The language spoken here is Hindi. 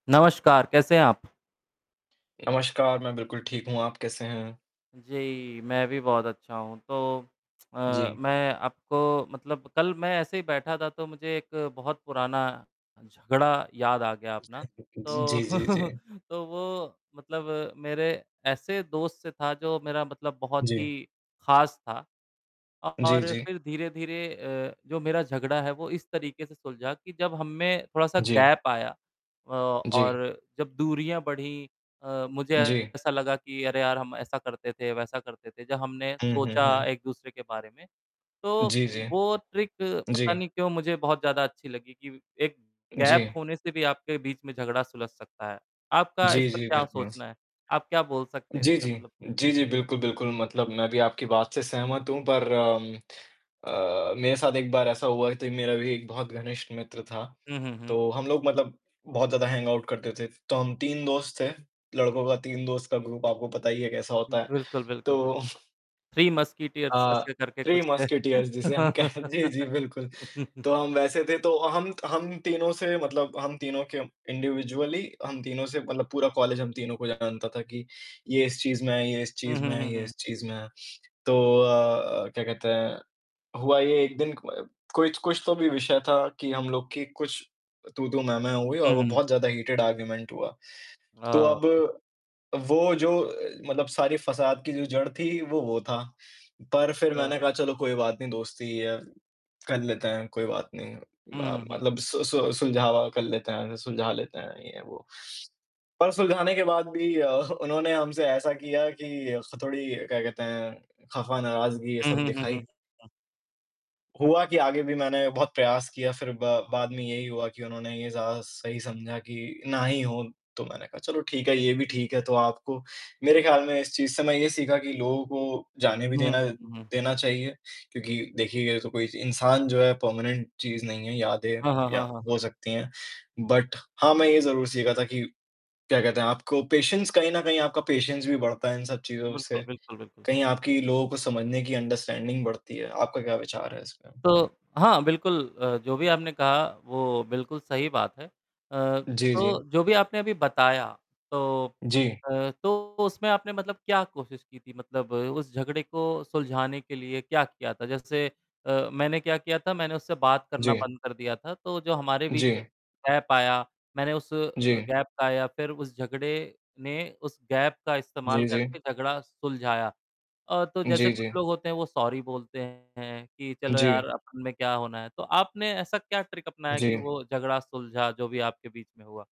नमस्कार, कैसे हैं आप? नमस्कार, मैं बिल्कुल ठीक हूँ। आप कैसे हैं? जी, मैं भी बहुत अच्छा हूँ। तो अ, जी। मैं आपको मतलब कल मैं ऐसे ही बैठा था तो मुझे एक बहुत पुराना झगड़ा याद आ गया अपना। तो, जी, जी, जी। तो वो मतलब मेरे ऐसे दोस्त से था जो मेरा मतलब बहुत ही जी। खास था। जी, और जी। फिर धीरे-धीरे अ, जो मेरा झगड़ा है वो इस तरीके से सुलझा कि जब हम में थोड़ा-सा जी। गैप आया औ जी। और जब दूरियाँ बढ़ीं अ, मुझे जी। ऐसा लगा कि अरे यार! हम ऐसा करते थे, वैसा करते थे। जब हमने हुँ, हुँ, सोचा हुँ। एक-दूसरे के बारे में, तो जी, जी। वो ट्रिक पता जी। नहीं क्यों मुझे बहुत ज़्यादा अच्छी लगी कि एक गैप जी। होने से भी आपके बीच में झगड़ा सुलझ सकता है। आपका इस जी, पर जी, क्या बिल्कुल। सोचना है? आप क्या बोल सकते हैं जी, इसका जी। मतलब? जी, जी, बिल्कुल, बिल्कुल मतलब मैं भी आपकी बात से सहमत हूँ पर अम, अ, मेरे साथ एक बार ऐसा हुआ थी, मेरा भी एक बहुत घनिष्ठ मित्र था। हुँ, हुँ, हुँ। तो हम लोग मतलब बहुत ज़्यादा हैंगऑउट करते थे। तो हम 3 दोस्त थे, लड़कों का 3 दोस्त का ग्रुप आपको पता ही है कैसा होता है। बिल्कुल, बिल्कुल, बिल तो 3 मस्कटियर्स अ, ऐसे करके 3 कुछ है। मस्कटियर्स जिसे हम कह जी, जी, बिल्कुल। तो हम वैसे थे, तो हम हम तीनों से मतलब हम तीनों के इंडिविजुअली हम तीनों से मतलब पूरा कॉलेज हम तीनों को जानता था कि ये इस चीज़ में है ये इस हुँ, चीज़ हुँ, में है हुँ, ये हुँ। इस चीज़ में है। तो अ, क्या कहते हैं, हुआ ये एक दिन क कोई कुछ तो भी विषय था कि हम लोग की कुछ तू-तू, मैं-मैं हुई हुँ, और वो हुँ। बहुत ज़्यादा हीटिड आर्गुमेंट हुआ। तो अब ओके। वो जो मतलब सारी फसाद की जो जड़ थी, वो, वो था। पर फिर अ मैंने कहा चलो कोई बात नहीं दोस्ती है, कर लेते हैं, कोई बात नहीं हुँ, म हुँ, हुँ। मतलब सु सु सुलझावा कर लेते हैं सुलझा लेते हैं, ये-वो। पर सुलझाने के बाद भी अ, उन्होंने हमसे ऐसा किया कि उससे थोड़ी क्या कहते हैं, ख़फ़ा, नाराज़गी ये हुँ, सब हुँ, हुँ, हुँ, दिखाई। हुँ। हुआ कि आगे भी मैंने बहुत प्रयास किया। फिर ब बाद में यही हुआ कि उन्होंने ये ज़्यादा सही समझा कि ना ही हो। तो मैंने कहा चलो ठीक है, ये भी ठीक है तो आपको मेरे ख्याल में इस चीज़ से मैं ये सीखा कि लोगों को जाने भी हुँ, देना हुँ, हुँ, हुँ। देना चाहिए, क्योंकि देखिए ये तो कोई इंसान जो है परमानेंट चीज़ नहीं है, यादें हैं हाँ, हाँ, या हाँ, हाँ, हो हाँ। सकती हैं। बट हाँ, मैं ये ज़रूर सीखा था कि क्या कहते हैं आपको पेशेंस कहीं न कहीं आपका पेशेंस भी बढ़ता है इन सब चीज़ों से। बिल्कुल, बिल्कुल, बिल्कुल। कहीं आपकी लोगों को समझने की अंडरस्टैंडिंग बढ़ती है। आपका क्या विचार है इसमें? तो हाँ, बिल्कुल अ, जो भी आपने कहा वो बिल्कुल सही बात है। अ, जी, जी। तो जो भी आपने अभी बताया तो जी। अ, तो उसमें आपने मतलब क्या कोशिश की थी मतलब उस झगड़े को सुलझाने के लिए क्या किया था? जैसे अ, मैंने क्या किया था, मैंने उससे बात करना जी। बंद कर दिया था। तो जो हमारे बीच में जी। गैप आया, मैंने उस अ, जी। गैप का या फिर उस झगड़े ने उस गैप का जी, इस्तेमाल जी। करके झगड़ा सुलझाया। अ, तो जैसे जी, कुछ जी। लोग होते हैं वो सॉरी बोलते हैं, कि चलो जी। यार अपन में क्या होना है। तो आपने ऐसा क्या ट्रिक अपनाया कि जी। वो झगड़ा सुलझा जो भी आपके बीच में हुआ?